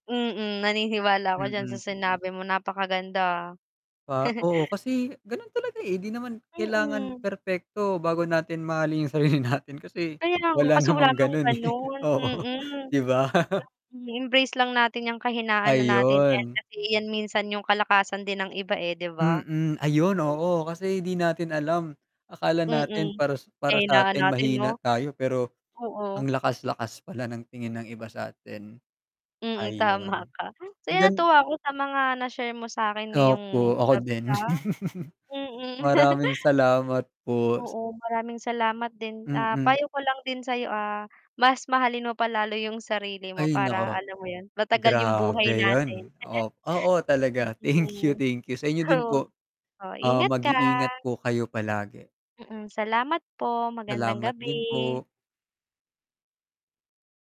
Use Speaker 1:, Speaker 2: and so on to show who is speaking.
Speaker 1: Mm, naniniwala ako diyan sa
Speaker 2: Mm.
Speaker 1: sinabi mo napakaganda.
Speaker 2: Ah, oo kasi, ganun talaga eh. 'Di naman kailangan
Speaker 1: Mm.
Speaker 2: perpekto bago natin mahalin yung sarili natin kasi
Speaker 1: Kaya nga,
Speaker 2: wala
Speaker 1: kasi wala
Speaker 2: namang
Speaker 1: naman
Speaker 2: ganun, eh,
Speaker 1: ganon,
Speaker 2: oo,
Speaker 1: mm.
Speaker 2: 'di ba?
Speaker 1: Embrace lang natin ang kahinaan na natin, eh,
Speaker 2: Ayun.
Speaker 1: kasi iyan minsan yung kalakasan din ng iba eh 'di ba?
Speaker 2: Mm, ayun oo. Kasi 'di natin alam, akala natin
Speaker 1: Mm,
Speaker 2: para para
Speaker 1: kahinaan
Speaker 2: satin
Speaker 1: natin
Speaker 2: mahina
Speaker 1: 'no?
Speaker 2: tayo, pero ang
Speaker 1: Oo.
Speaker 2: lakas-lakas pala ng tingin ng iba satin,
Speaker 1: Mm, tama
Speaker 2: ayun.
Speaker 1: ka. So,
Speaker 2: Ang
Speaker 1: yon
Speaker 2: gan
Speaker 1: natuwa ako sa mga na-share mo sakin ngayong
Speaker 2: Opo ako
Speaker 1: gabi,
Speaker 2: din.
Speaker 1: ah, mm.
Speaker 2: Maraming salamat po.
Speaker 1: Oo, maraming salamat din. Ah,
Speaker 2: Mm.
Speaker 1: payo ko lang din sayo, ah, mas mahalin mo pa lalo yung sarili mo,
Speaker 2: Ay
Speaker 1: para
Speaker 2: naku,
Speaker 1: alam mo yun? Matagal yung buhay
Speaker 2: grabe
Speaker 1: natin.
Speaker 2: yun oh, oo talaga. Thank you,
Speaker 1: Mm,
Speaker 2: thank you sa inyo din
Speaker 1: oh,
Speaker 2: po.
Speaker 1: oh
Speaker 2: Oo,
Speaker 1: ingat ka.
Speaker 2: mag-iingat po kayo palagi.
Speaker 1: Mm, salamat po. Magandang
Speaker 2: Salamat din
Speaker 1: gabi.
Speaker 2: po.